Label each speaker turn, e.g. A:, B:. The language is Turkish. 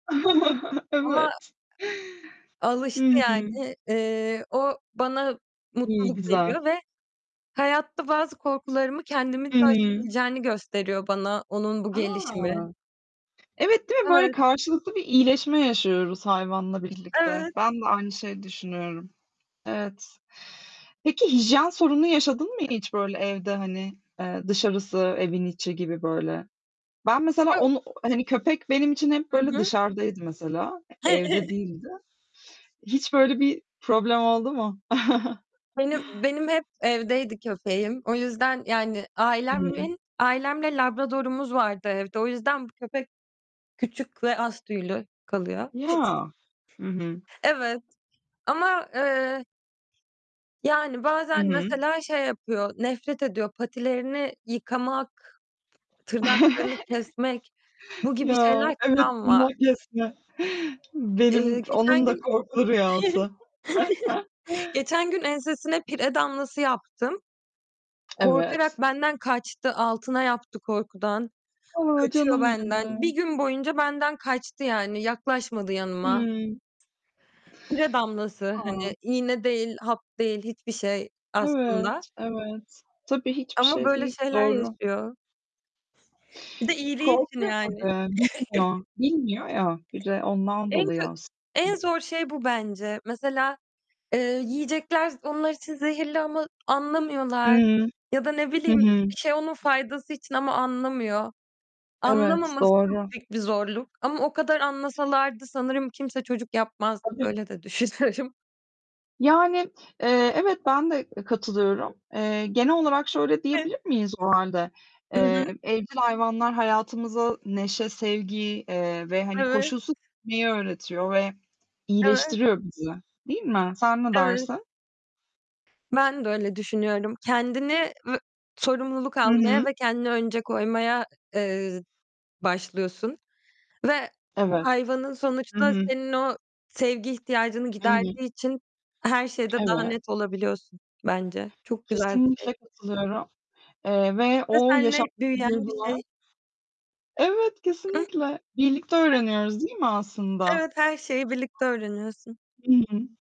A: Ama
B: Evet. Hı
A: alıştı
B: hı.
A: yani. Eee, o bana
B: İyi,
A: mutluluk
B: güzel.
A: veriyor ve hayatta bazı korkularımı kendimin de
B: Hı hı.
A: aşabileceğini gösteriyor bana onun bu
B: A!
A: gelişimi.
B: Evet, değil mi? Böyle
A: Evet.
B: karşılıklı bir iyileşme yaşıyoruz hayvanla birlikte.
A: Evet.
B: Ben de aynı şeyi düşünüyorum. Evet. Peki hijyen sorunu yaşadın mı hiç böyle evde, hani? Eee, dışarısı, evin içi gibi böyle. Ben mesela
A: Yok.
B: onu hani, köpek benim için hep
A: Hı
B: böyle
A: hı.
B: dışarıdaydı mesela. Evde değildi. Hiç böyle bir problem oldu mu?
A: Benim benim hep evdeydi köpeğim. O yüzden, yani,
B: Hı hı.
A: ailemin ailemle Labrador'umuz vardı evde. O yüzden bu köpek küçük ve az tüylü kalıyor.
B: Ya. Hı hı.
A: Evet. Ama, eee Yani,
B: Hı
A: bazen
B: hı.
A: mesela şey yapıyor, nefret ediyor, patilerini yıkamak, tırnaklarını kesmek, bu gibi
B: Ya,
A: şeyler
B: evet,
A: travma.
B: tırnak kesme.
A: Iıı,
B: Benim
A: geçen
B: onun da
A: gün,
B: korkulu rüyası.
A: geçen gün ensesine pire damlası yaptım.
B: Evet.
A: Korkarak benden kaçtı, altına yaptı korkudan.
B: A,
A: Kaçıyor
B: canım
A: benden.
B: benim.
A: 1 gün boyunca benden kaçtı, yani, yaklaşmadı yanıma.
B: Hımm.
A: Pire damlası,
B: A.
A: hani, iğne değil hap değil hiçbir şey
B: Evet,
A: aslında.
B: evet. Tabii hiçbir
A: Ama
B: şey
A: böyle
B: değil,
A: şeyler
B: doğru.
A: yaşıyor. Bir de iyiliği için,
B: Korkuyor
A: yani.
B: tabii, bilmiyor. Bilmiyor ya, bir de ondan
A: En
B: dolayı
A: kö en
B: aslında.
A: zor şey bu bence. Mesela, eee, yiyecekler onlar için zehirli ama anlamıyorlar
B: Hıı,
A: ya da ne
B: hı
A: bileyim
B: hı.
A: bir şey onun faydası için ama o anlamıyor.
B: Evet,
A: Anlamaması çok
B: doğru.
A: büyük bir zorluk ama o kadar anlasalardı sanırım kimse çocuk yapmazdı.
B: Tabii.
A: Böyle de düşünüyorum.
B: Yani, eee, evet, ben de e katılıyorum. Eee, genel olarak şöyle
A: Hı.
B: diyebilir miyiz o hâlde?
A: Hı hı.
B: Eee, evcil hayvanlar hayatımıza neşe, sevgi, eee, ve hani,
A: Evet.
B: koşulsuz sevmeyi öğretiyor ve
A: Evet.
B: iyileştiriyor bizi, değil mi? Sen ne
A: Evet.
B: dersin?
A: Ben de öyle düşünüyorum. Kendini vü sorumluluk
B: Hı hı.
A: almaya ve kendini önce koymaya, ı eee, başlıyorsun ve
B: Evet.
A: hayvanın
B: Hı
A: sonuçta
B: hı.
A: senin o sevgi ihtiyacını
B: Hı hı.
A: giderdiği için her şeyde daha
B: Evet.
A: net olabiliyorsun, bence. Çok güzel bir şey.
B: Kesinlikle katılıyorum, eee, ve
A: Ve
B: o
A: seninle
B: yaşattığı
A: büyüyen bir
B: duygular
A: şey.
B: Evet,
A: Ih.
B: kesinlikle. Birlikte
A: [unintelligible]
B: öğreniyoruz değil mi aslında?
A: Evet, her şeyi birlikte öğreniyorsun.
B: Hı hı.